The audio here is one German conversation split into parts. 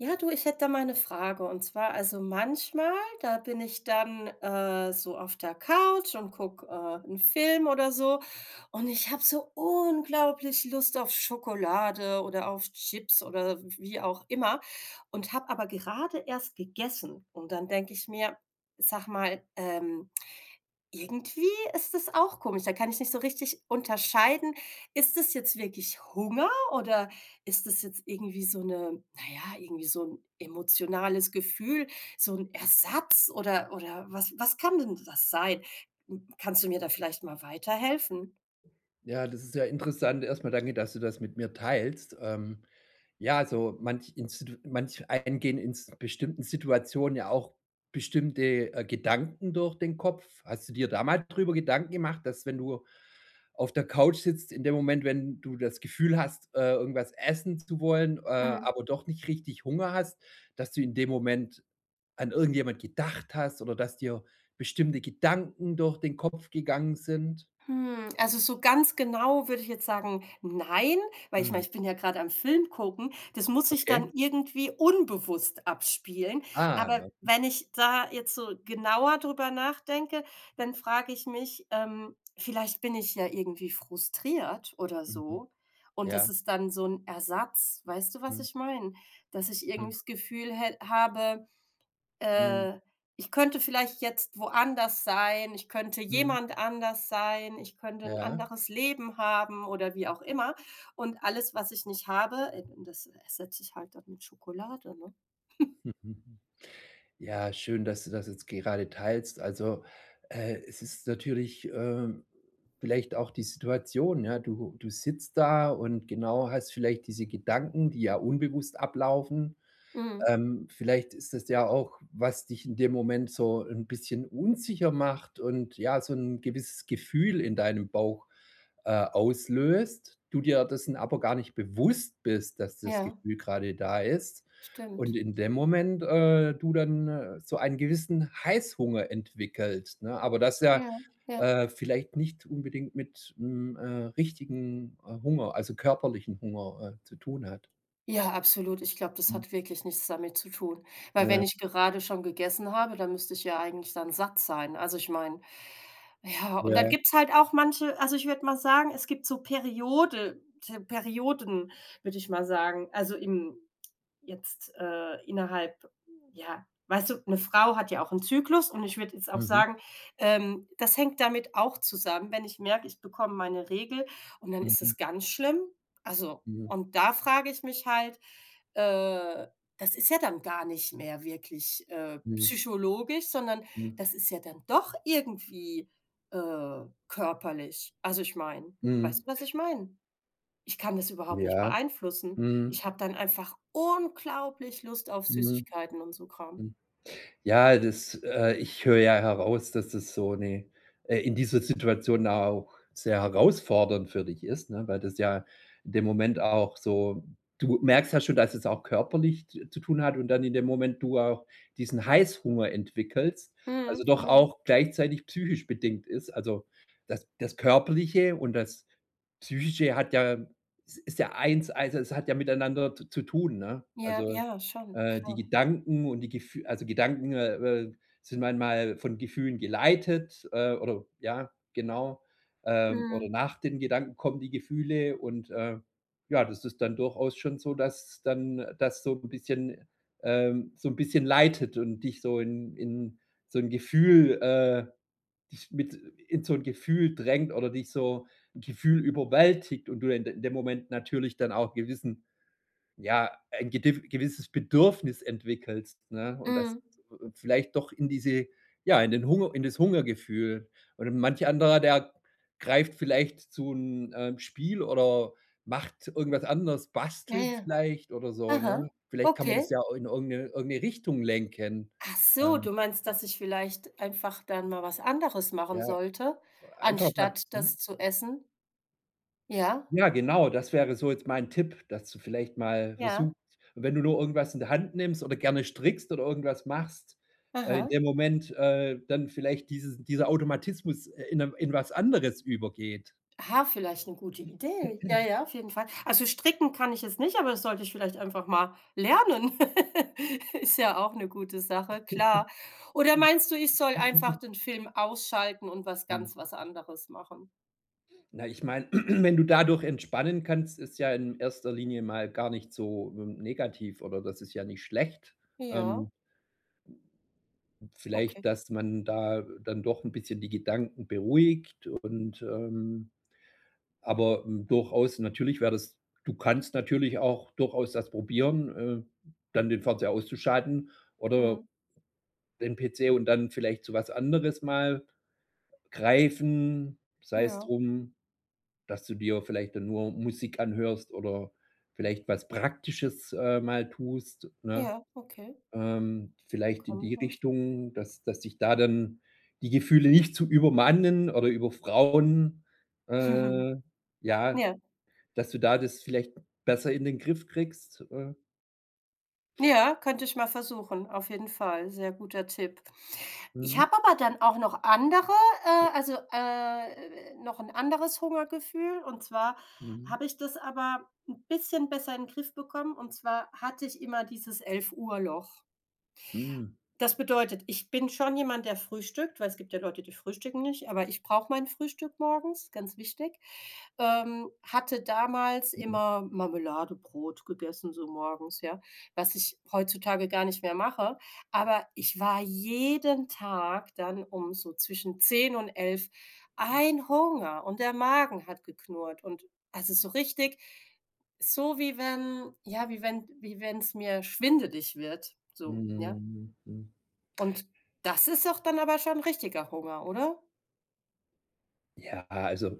Ja, du, ich hätte da mal 'ne Frage und zwar also manchmal, da bin ich dann, äh, so auf der Couch und guck, äh, 'n Film oder so, und ich habe so unglaublich Lust auf Schokolade oder auf Chips oder wie auch immer und habe aber gerade erst gegessen. Und dann denke ich mir: „Sag mal, ähm, irgendwie ist das auch komisch.“ Da kann ich nicht so richtig unterscheiden, ist das jetzt wirklich Hunger oder ist das jetzt irgendwie so 'ne na ja, irgendwie so 'n emotionales Gefühl, so 'n Ersatz, oder oder was was kann denn das sein? Hm, kannst du mir da vielleicht mal weiterhelfen? Ja, das ist ja interessant. Erst mal danke, dass du das mit mir teilst. Ähm. Ja, also manch institu manch einem gehen ins bestimmten Situationen ja auch bestimmte, äh, Gedanken durch den Kopf. Hast du dir da mal drüber Gedanken gemacht, dass wenn du auf der Couch sitzt in dem Moment, wenn du das Gefühl hast, äh, irgendwas essen zu wollen, äh, Mhm. aber doch nicht richtig Hunger hast, dass du in dem Moment an irgendjemand gedacht hast oder dass dir bestimmte Gedanken durch den Kopf gegangen sind? Hm. Also so ganz genau würde ich jetzt sagen, nein, weil ich meine, Mhm. ich bin ja gerade am Film gucken. Das muss sich dann Okay. irgendwie unbewusst abspielen. Aber Ah,. [unintelligible] wenn ich da jetzt so genauer drüber nachdenke, dann frage ich mich, ähm, vielleicht bin ich ja irgendwie frustriert oder Mhm. so. Und Ja. das ist dann so 'n Ersatz. Weißt du, was Mhm. ich meine? Dass ich irgendwie Mhm. das Gefühl hä habe, Mhm. äh, ich könnte vielleicht jetzt woanders sein, ich könnte Mhm. jemand anders sein, ich könnte 'n Ja? anderes Leben haben oder wie auch immer. Und alles, was ich nicht habe eben das ersetze ich dann halt dann mit Schokolade, ne? Mhm. Ja, schön, dass du das jetzt gerade teilst. Also, äh, es ist natürlich, ähm, vielleicht auch die Situation, ja. Du du sitzt da und, genau, hast vielleicht diese Gedanken, die ja unbewusst ablaufen. Mhm. Ähm, vielleicht ist das ja auch, was dich in dem Moment so 'n bisschen unsicher macht und, ja, so 'n gewisses Gefühl in deinem Bauch, äh, auslöst, du dir dessen aber gar nicht bewusst bist, dass das Ja. Gefühl gerade da ist und Stimmt. in dem Moment, äh, du dann so einen gewissen Heißhunger entwickelst, ne, aber das ja, Ja, ja. äh, vielleicht nicht unbedingt mit, hm, äh, richtigen, äh, Hunger, also, körperlichen Hunger, äh, zu tun hat? Ja, absolut, ich glaube, das Mhm. hat wirklich nichts damit zu tun, weil Ja. wenn ich gerade schon gegessen habe, dann müsste ich ja eigentlich dann satt sein. Also, ich meine, ja und dann Ja. gibt's halt auch manche also, ich würde mal sagen, es gibt so Periode te Perioden, würde ich mal sagen, also, im jetzt, äh, innerhalb ja, weißt du, 'ne Frau hat ja auch 'n Zyklus und ich würde jetzt auch Mhm. sagen, ähm, das hängt damit auch zusammen, wenn ich merke, ich bekomme meine Regel und dann ist Mhm. es ganz schlimm. Also Mhm. und da frage ich mich halt, äh, das ist ja dann gar nicht mehr wirklich, äh, Mhm. psychologisch, sondern Mhm. das ist ja dann doch irgendwie, äh, körperlich. Also, ich meine weißt Mhm. du, was ich meine? Ich kann das überhaupt nicht Ja, beeinflussen. Ich mhm. habe dann einfach unglaublich Lust auf Mhm. Süßigkeiten und so Kram. Hm, ja, das, äh ich höre ja heraus, dass das so ne äh, in dieser Situation auch sehr herausfordernd für dich ist, ne, weil das ja in dem Moment auch so du merkst ja schon, dass es auch körperlich z zu tun hat und dann in dem Moment du auch diesen Heißhunger entwickelst, Mhm, also, doch genau. auch gleichzeitig psychisch bedingt ist. Also, das das Körperliche und das Psychische hat ja es ist ja Eins, also, es hat ja miteinander z zu tun, ne? Ja, Also, ja, schon, äh, die klar. Gedanken und die Gef also, Gedanken, äh, äh, sind manchmal von Gefühlen geleitet, äh, oder ja, genau. Ähm, oder Mhm. nach den Gedanken kommen die Gefühle und, äh, ja, das ist dann durchaus schon so, dass dann das so 'n bisschen ähm, so 'n bisschen leitet und dich so in in so 'n Gefühl, äh dich mit in so 'n Gefühl drängt, oder dich so, 'n Gefühl überwältigt und du in de in dem Moment natürlich dann auch gewissen, ja, ein gedif gewisses Bedürfnis entwickelst, ne? Und das Mhm. vielleicht doch in diese ja, in den Hunger in das Hungergefühl. Und manch anderer, der greift vielleicht zu 'nem, ähm, Spiel, oder macht irgendwas anderes, Ja, bastelt ja. vielleicht oder so, ne? Aha, Vielleicht kann man das okay. ja in irgend 'ne irgend 'ne Richtung lenken. Achso, Ähm du meinst, dass ich vielleicht einfach dann mal was anderes machen Ja, sollte, einfach mal anstatt das hm? zu essen? Ja. Ja, genau, das wäre so jetzt mein Tipp, dass du vielleicht mal Ja. versuchst, wenn du nur irgendwas in der Hand nimmst oder gerne strickst, oder irgendwas machst, äh, in Aha. dem Moment, äh, dann vielleicht dieses dieser Automatismus, äh, in 'ne in was anderes übergeht. Ah, vielleicht 'ne gute Idee. Ja, ja, auf jeden Fall. Also, stricken kann ich jetzt nicht, aber das sollte ich vielleicht einfach mal lernen. Ist ja auch 'ne gute Sache, klar. Oder meinst du, ich soll einfach den Film ausschalten und was Mhm. ganz was anderes machen? Na, ich meine, wenn du dadurch entspannen kannst, ist ja in 1. Linie mal gar nicht so w negativ oder das ist ja nicht schlecht. Ja. Ähm. Vielleicht, Okay. dass man da dann doch 'n bisschen die Gedanken beruhigt und, ähm aber durchaus, natürlich wäre das du kannst natürlich auch durchaus das probieren, äh, dann den Verzehr auszuschalten oder Mhm. den PC und dann vielleicht zu was anderes mal greifen. Sei's Ja. drum, dass du dir vielleicht dann nur Musik anhörst oder vielleicht was Praktisches, äh, mal tust, ne? Ja, okay. Ähm. Vielleicht in Kommen die raus. Richtung, dass dass dich da dann die Gefühle nicht zu übermannen oder überfrauen, äh, ja, Ja. dass du da das vielleicht besser in den Griff kriegst. Äh. Ja, könnte ich mal versuchen, auf jeden Fall, sehr guter Tipp. Ich Mhm. habe aber dann auch noch andere, äh, also, äh, noch 'n anderes Hungergefühl und zwar Mhm. habe ich das aber 'n bisschen besser in Griff bekommen und zwar hatte ich immer dieses 11- Uhr-Loch. Mhm. Das bedeutet, ich bin schon jemand, der frühstückt, weil es gibt ja Leute, die frühstücken nicht, aber ich brauche mein Frühstück morgens, ganz wichtig. Ähm. Hatte damals Mhm. immer Marmeladebrot gegessen so morgens, ja, was ich heutzutage gar nicht mehr mache. Aber ich war jeden Tag dann um so zwischen 10 und 11 ein Hunger und der Magen hat geknurrt. Und also so richtig, so wie wenn, ja wie wenn wie wenn's mir schwindelig wird, so, ja. Mhm. Mm. Und das ist auch dann aber schon richtiger Hunger, oder? Ja, also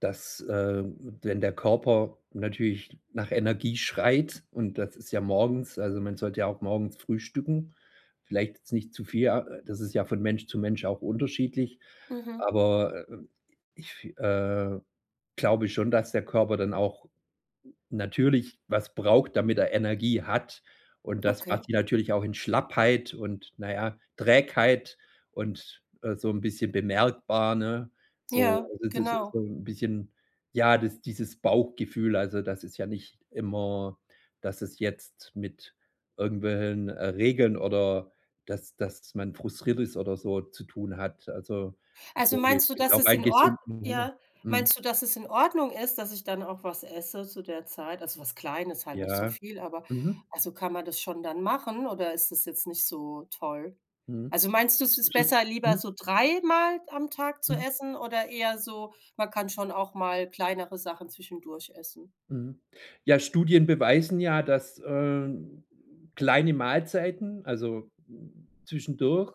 dass, ähm wenn der Körper natürlich nach Energie schreit und das ist ja morgens also man sollte ja auch morgens frühstücken, vielleicht jetzt nicht zu viel, ja das ist ja von Mensch zu Mensch auch unterschiedlich, Mhm. Aber ich, äh, glaube schon, dass der Körper dann auch natürlich was braucht, damit er Energie hat. Und das Okay. macht ihn natürlich auch in Schlappheit und, na ja, Trägheit und, äh, so 'n bisschen bemerkbar, ne, so. Ja, Also das ist so genau. 'n bisschen, ja, dies dieses Bauchgefühl, also das ist ja nicht immer, dass es jetzt mit irgendwelchen, äh, Regeln oder dass dass man frustriert ist oder so zu tun hat. Also, ich Also denke, es meinst du, ist dass auch es ein in Ordn gesunden Hunger ja Mhm. meinst du, dass es in Ordnung ist, dass ich dann auch was esse zu der Zeit, also was Kleines, halt nicht so Ja. viel, aber Mhm. also kann man das schon dann machen oder ist das jetzt nicht so toll? Mhm. Also meinst du es Das ist besser, lieber mhm. so dreimal am Tag zu Mhm. essen oder eher so man kann schon auch mal kleinere Sachen zwischendurch essen? Mhm. Ja, Studien beweisen, ja, dass, äh, kleine Mahlzeiten, also zwischendurch,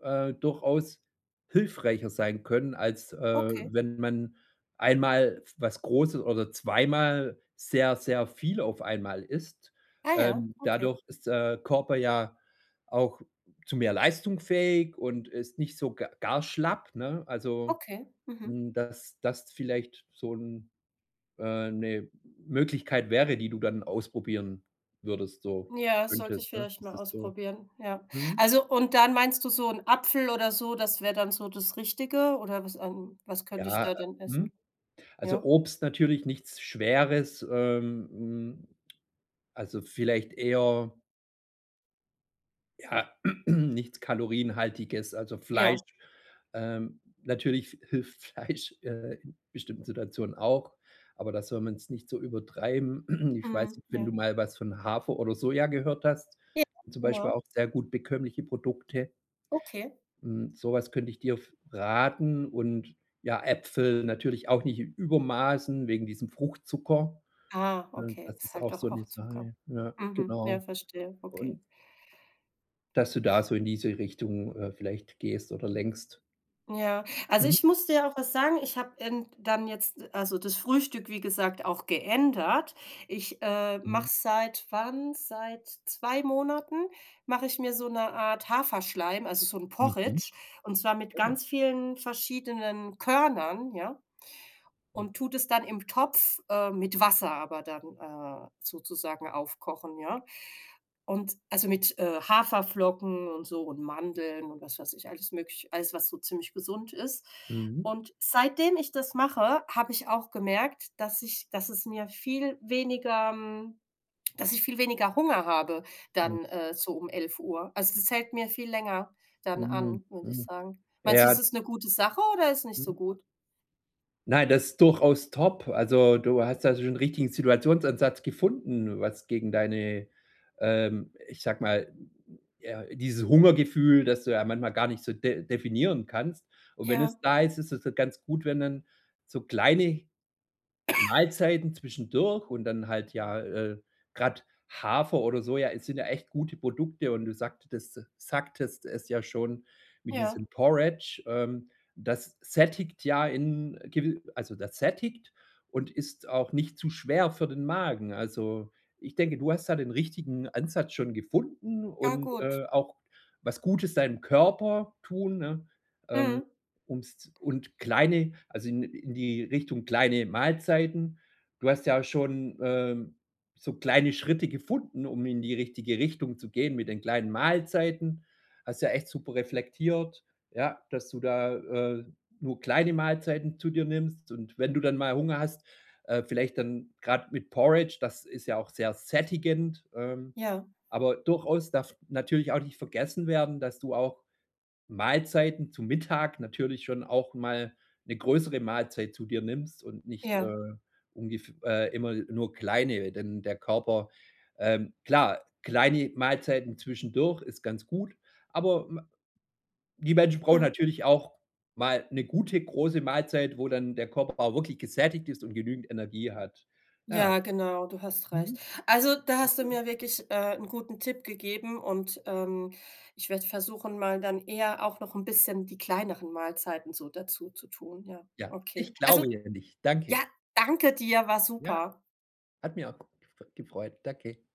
äh, durchaus hilfreicher sein können, als, äh, Okay. wenn man einmal f was Großes oder zweimal sehr sehr viel auf 1 einmal isst. Ah ja, Ähm, okay. dadurch ist, der Körper ja auch zu mehr Leistung fähig und ist nicht so ga gar schlapp, ne? Also, Okay. Mhm. hm, dass das vielleicht so 'n, äh 'ne Möglichkeit wäre, die du dann ausprobieren würdest so Ja, sollte könntest ich 'ne? vielleicht Das mal ist so ausprobieren, ja. mhm. Also, und dann meinst du so 'n Apfel oder so, das wär dann so das Richtige oder was an was könnte ich Ja, da denn mhm. essen? Also Ja? Obst, natürlich nichts Schweres, ähm, hm, also vielleicht eher ja, nichts kalorienhaltiges. Also Fleisch, Ja. ähm natürlich hilft Fleisch, äh, in bestimmten Situationen auch, aber da soll man's nicht so übertreiben. Ich weiß Mhm, nicht, wenn du ja. mal was von Hafer oder Soja gehört hast, Ja. zum Beispiel Genau. auch sehr gut bekömmliche Produkte. Okay. Hm, sowas könnt ich dir f raten und ja, Äpfel natürlich auch nicht in Übermaßen wegen diesem Fruchtzucker. Ah, Hm, okay, das ist ist halt auch doch so 'ne auch Zucker. Sache, ja, Mhm. Ja, genau. verstehe, okay. Und dass du da so in diese Richtung, äh, vielleicht gehst oder lenkst. Ja, also Mhm. ich muss dir auch was sagen, ich habe end dann jetzt also das Frühstück wie gesagt, auch geändert. Ich, äh, Mhm. mache seit wann? Seit 2 Monaten mache ich mir so 'ne Art Haferschleim, also so 'n Mhm. Porridge und zwar mit Ja. ganz vielen verschiedenen Körnern, ja. Mm. Und tue das dann im Topf, äh, mit Wasser aber dann, äh, sozusagen aufkochen, ja? Und also mit, äh, Haferflocken und so und Mandeln und was weiß ich, alles möglich alles, was so ziemlich gesund ist. Mhm. Und seitdem ich das mache, habe ich auch gemerkt, dass ich dass es mir viel weniger, hm dass ich viel weniger Hunger habe Mhm. dann, äh, so um 11: Uhr. Also das fällt mir viel länger dann Mhm, an, würde ich mhm, sagen. Meinst du, es ja. ist eine gute Sache oder ist nicht so Mhm. gut? Nein, das ist durchaus top. Also, du hast da so 'n richtigen Situationsansatz gefunden, was gegen deine, ähm, ich sage ma ja dieses Hungergefühl, dass du ja manchmal gar nicht so def definieren kannst. Und wenn Ja. es da ist, ist es dann ganz gut, wenn dann so kleine Mahlzeiten zwischendurch und dann halt ja, äh grad Hafer oder Soja, e sind ja echt gute Produkte und du sagtetes sagtest es ja schon wie Ja. diesem Porridge. Ähm, das sättigt ja in gewi also das sättigt und ist auch nicht zu schwer für den Magen. Also, ich denke, du hast da den richtigen Ansatz schon gefunden Ahh, und, gut. äh, auch was Gutes deinem Körper tun, ne, ähm, Mhm. ums und kleine also in in die Richtung kleine Mahlzeiten. Du hast ja schon, ähm, so kleine Schritte gefunden, um in die richtige Richtung zu gehen mit den kleinen Mahlzeiten. Hast ja echt super reflektiert, ja, dass du da, äh, nur kleine Mahlzeiten zu dir nimmst und wenn du dann mal Hunger hast, äh vielleicht dann grad mit Porridge, das ist ja auch sehr sättigend, ähm, Ja. aber durchaus darf natürlich auch nicht vergessen werden, dass du auch Mahlzeiten zu Mittag natürlich schon auch mal 'ne größere Mahlzeit zu dir nimmst und nicht, Ja. äh, ungef äh, immer nur kleine, denn der Körper, ähm klar, kleine Mahlzeiten zwischendurch ist ganz gut, aber, ma die Menschen brauchen Mhm. natürlich auch mal 'ne gute, große Mahlzeit, wo dann der Körper auch wirklich gesättigt ist und genügend Energie hat. Ja. Ja, genau, du hast recht. Mhm. Also da hast du Okay. mir wirklich, äh, 'n guten Tipp gegeben und, ähm, ich werde versuchen, mal dann eher auch noch 'n bisschen die kleineren Mahlzeiten so dazuzutun, ja. Ja, ich Okay. glaube Also, an dich, ja, danke. danke dir, war Ja, super. hat mir auch [unintelligible] gefreut, danke.